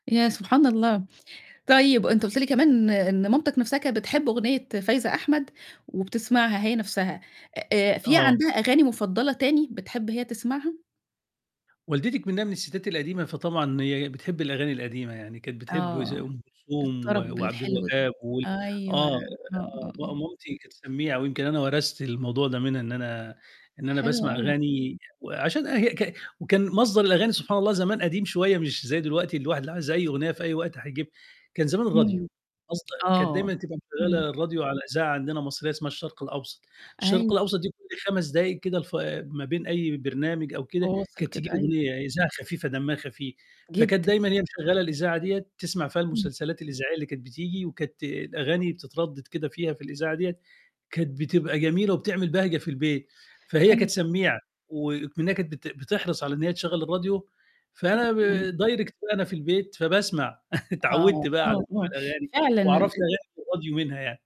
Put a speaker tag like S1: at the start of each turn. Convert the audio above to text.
S1: يا سبحان الله! طيب، أنت قُلت لي كمان إن مامتك نفْسَها كانت بتحب أغنية فايزة أحمد وبتسمعها هي نفْسَها، آآ، في
S2: آه.
S1: عندها أغاني مُفضّلة تاني بتحب هي تسمعها؟
S2: والدتي إكمنّها من الستات القديمة فطبعًا هي بتحب الأغاني القديمة يعني، كانت بتحب زَي
S1: آه،
S2: أم كلثوم و
S1: الطَرَب الحلو ده،
S2: وعبدالوهاب وال
S1: أيوه، آه،
S2: آه،
S1: آه، آه.
S2: م مامتي كانت سمّيعة، ويمكن أنا ورثت الموضوع ده منها إن أنا إن أنا
S1: حلو
S2: باسمع
S1: أوي.
S2: أغاني وعشان هي ك وكان مصدر الأغاني سبحان الله زمان قديم شوية مش زَي دلوقتي الواحد اللي عايز أي أغنية في أي وقت هيجيبها. كان زمان الراديو،
S1: إمم.
S2: قصد كانت
S1: آه.
S2: دايمًا تبقى
S1: إمم.
S2: مشغلة الراديو على إذاعة عندنا مصرية اسمها الشرق الأوسط، الشرق
S1: أيوه.
S2: الأوسط كل 5 دقائق كده الف ما بين أي برنامج أو كده
S1: فواصل
S2: كانت تيجي
S1: كده، أيوه.
S2: أغنية إذاعة خفيفة دمها خفيف، فكانت
S1: جدًا.
S2: دايمًا هي مشغّلة الإذاعة ديّة تسمع فيها
S1: إمم.
S2: المسلسلات الإذاعية اللي كانت بتيجي، وكانت الأغاني بتتردد كده فيها في الإذاعة ديّة، كانت بتبقى جميلة وبتعمل بهجة في البيت. فهي كانت
S1: حلوة.
S2: سميعة وإكمنّها كانت بت بتحرص على إن هي تشغل الراديو فأنا ب
S1: إمم.
S2: direct وأنا في البيت فباسمع،
S1: آه،
S2: اتعودت بقى على
S1: آه،
S2: سَمَاع
S1: آه.
S2: الأغاني،
S1: فعلًا ال
S2: وعرفت
S1: ال
S2: أغاني الراديو منها يعني.